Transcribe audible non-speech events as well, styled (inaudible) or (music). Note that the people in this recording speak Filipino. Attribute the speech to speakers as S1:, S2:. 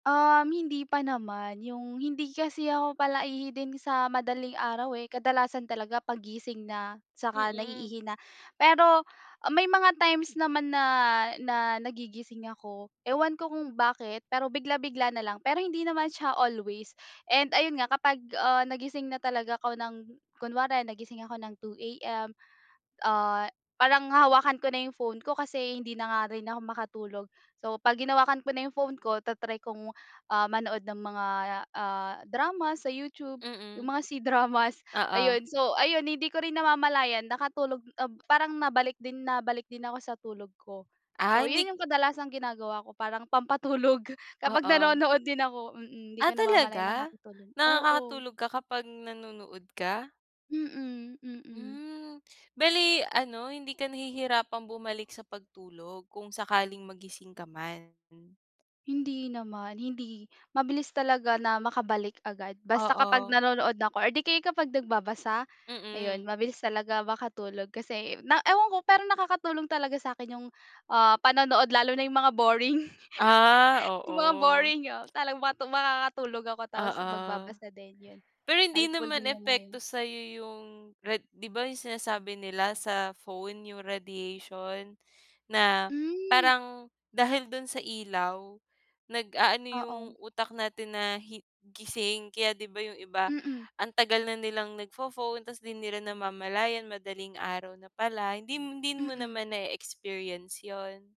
S1: Um, hindi pa naman, yung, hindi kasi ako palaihi din sa madaling araw eh, kadalasan talaga paggising na, saka
S2: Mm.
S1: naiihi na. Pero may mga times naman na na nagigising ako, ewan ko kung bakit pero bigla-bigla na lang pero hindi naman siya always and ayun nga, kapag ah nagising na talaga ako ng kunwari nagising ako ng 2 AM, (gasps) ah parang hahawakan ko na yung phone ko kasi hindi na nga rin ako makatulog. (gasps) So, 'pag hinawakan ko na yung phone ko, ta-try kong ah (gasps) manood ng mga, ah, drama sa YouTube, yung
S2: Mm.
S1: mga C-Dramas (gasps)
S2: Oo.
S1: ayun. So, ayun hindi ko rin namamalayan nakatulog ob parang nabalik din nabalik din ako sa tulog ko.
S2: Ay
S1: So,
S2: hindi
S1: yun
S2: k
S1: yung kadalasang ginagawa ko parang pampatulog kapag
S2: Oo.
S1: nanonood din ako. Mm, 'di
S2: Ah
S1: ko na namamalayan,
S2: talaga?
S1: nakakatulog oo.
S2: Nakakatulog ka kapag nanonood ka?
S1: Mm, mm.
S2: Hmm, bale ano, hindi ka nahihirapan bumalik sa pagtulog kung sakaling magising ka man?
S1: Hindi naman hindi. Mabilis talaga na makabalik agad basta kapag
S2: Oo.
S1: nanonood na 'ko or 'di kaya kapag nagbabasa, (gasps) ayun
S2: Mm.
S1: mabilis talaga makatulog kasi na ewan ko pero nakakatulong talaga sa'kin yung ah (gasps) panonood lalo na yung mga boring
S2: Ah,
S1: (laughs) Yung
S2: oo.
S1: mga boring, oo, tala makakatulog ako tapos
S2: Oo
S1: magbabasa din. Yun,
S2: pero hindi
S1: helpful
S2: naman
S1: din yung mga yun.
S2: epekto sa'yo yung rad 'di ba yung sinasabi nila sa phone yung radiation na
S1: Hmm.
S2: parang dahil do'n sa ilaw, nag-aano yung
S1: Oo.
S2: utak natin na hi gising kaya 'di ba yung iba,
S1: Mm.
S2: (gasps) ang tagal na nilang nag-pho-phone tapos di nila namamalayan madaling araw na pala hindi hindi mo
S1: Mm.
S2: naman nai-experience yun?